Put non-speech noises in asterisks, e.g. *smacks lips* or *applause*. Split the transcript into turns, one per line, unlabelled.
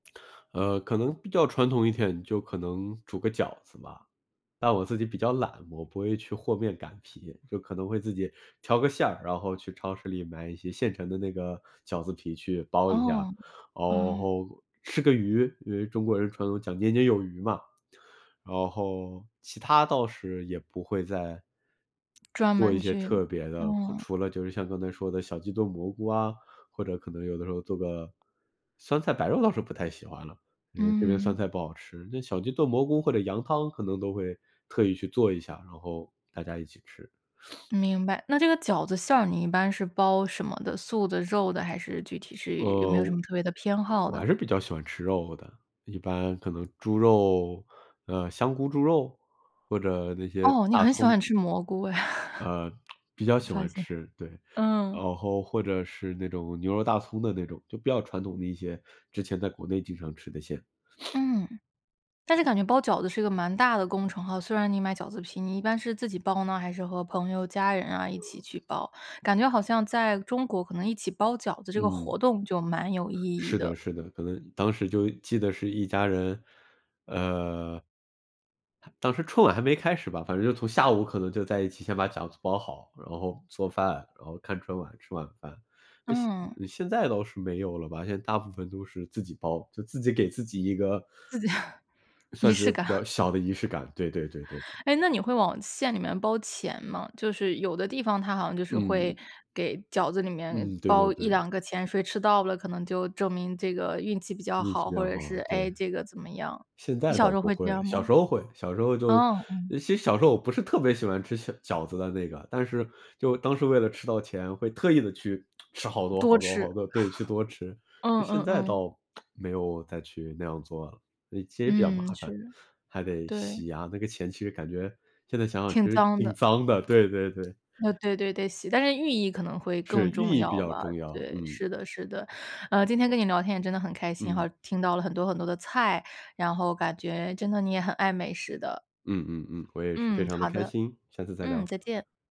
呃，可能比较传统一点，就可能煮个饺子吧，但我自己比较懒，我不会去和面、擀皮，就可能会自己调个馅儿，然后去超市里买一些现成的那个饺子皮去包一下，然
哦，嗯。
后吃个鱼，因为中国人传统讲年年有余嘛，然后其它倒是也不会再
专
做
门
一些
去，
特别的，或
嗯。
除了就是像刚才说的小鸡炖蘑菇啊，或者可能有的时候做个酸菜白肉倒是不太喜欢了，因为这边酸
嗯。
菜不好吃。那小鸡炖蘑菇或者羊汤可能都会特意去做一下，然后大家一起吃。
明白，那这个饺子馅儿你一般是包什么的，素的、肉的还是具体是有没
呃，
有什么特别的偏好
我
的？
还是比较喜欢吃肉的，一般可能猪肉呃，香菇猪肉或者那些
哦，你
大
很喜
葱。
欢吃蘑菇哎。
呃，*smacks lips*
*laughs*
比较
我
喜
发
欢
现。
吃，对，
嗯。
然后或者是那种牛肉大葱的那种，就比较传统的一些，之前在国内经常吃的一些。
嗯，但是感觉包饺子是一个蛮大的工程哈，虽然你买饺子皮，你一般是自己包呢，还是和朋友、家人啊一起去包？感觉好像在中国可能一起包饺子这个活
嗯。
动就蛮有意义
是的，
的。
是的，可能当时就记得是一家人，呃当时春晚还没开始吧，反正就从下午可能就在一起先把饺子包好，然后做饭，然后看春晚吃晚饭。
嗯。
现现在倒是没有了吧，现在大部分都是自己包，就自己给自己一个，
自己。*chuckles* 仪
算是
式感。
比较
*chuckles*
小的仪式感，对对对对。
哎，那你会往馅里面包钱吗？就是有的地方它好像就是会
嗯。
给饺子里面
嗯，对对
包一
对。
两个钱，谁吃到了可能就证明这个运气比较
运气
好，
比
或
较
者是，
好，对。
唉，这个怎么样，
现
你
在
小
倒
时候
不
会这
会，
样吗？
小时候会，小时候就
哦，嗯。
其实小时候我不是特别喜欢吃小饺子的那个，但是就当时为了吃到钱会特意地去 *smacks lips* 吃好多
多
好多
吃。*chuckles*
好多，对，去多吃。
嗯，
现
嗯，
在
嗯。
倒 *smacks lips* 没有再去那样做了，其实比较
嗯，
麻
是
烦，
的。
还得
对。
洗啊，那个钱其实感觉现在想想其
挺
实
脏
挺
的。
脏的，对对对。
呃，对对对，洗但是寓意可能会
是，
更
寓
重
意比
要
较
吧，
重要，
对，
嗯。
是的，是的。呃，今天跟你聊天也真的很开心哈，
嗯。
听到了很多很多的菜，然后感觉真的你也很爱美食的。
嗯嗯嗯，我也是非
嗯，
常的
好
开
的。
心，下次再
嗯，
聊。
再见。